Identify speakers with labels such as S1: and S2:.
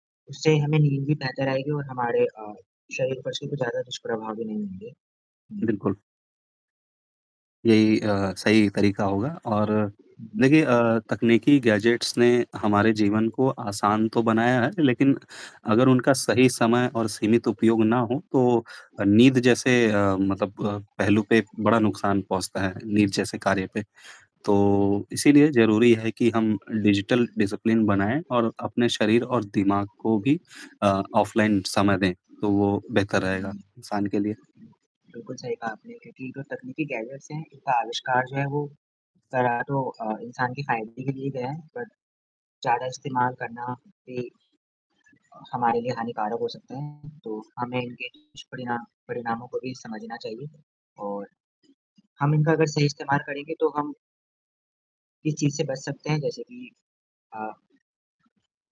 S1: उससे हमें नींद भी बेहतर आएगी और हमारे अ, शरीर पर से कुछ ज़्यादा दुष्प्रभाव भी नहीं होंगे। हुँ।
S2: बिल्कुल। यही अ, सही तरीका होगा और
S1: हुँ, हुँ,
S2: देखिए
S1: हुँ।
S2: अ, तकनीकी गैजेट्स ने हमारे जीवन को आसान तो बनाया है, लेकिन अगर उनका सही समय और सीमित उपयोग ना हो, तो नींद जैसे अ, मतलब अ, पहलू पे बड़ा नुकसान पहुँचता है, नीद जैसे कार्य पे। तो इसीलिए ज़रूरी है कि हम डिजिटल डिसिप्लिन बनाएँ और अपने शरीर और दिमाग को भी अ, ऑफलाइन समय दें, तो वो बेहतर रहेगा
S1: हुँ।
S2: इंसान के लिए।
S1: बिल्कुल सही कहा आपने, क्योंकि जो तकनीकी गैजेट्स हैं, इनका आविष्कार जो है वो करा तो अ, इंसान के फ़ायदे के लिए गया है। बट ज़्यादा इस्तेमाल करना भी हमारे लिए हानिकारक हो सकता है। तो हमें इनके दुष्परिणाम परिणामों को भी समझना चाहिए और हम इनका अगर सही इस्तेमाल करेंगे, तो हम इस चीज़ से बच सकते हैं जैसे कि अ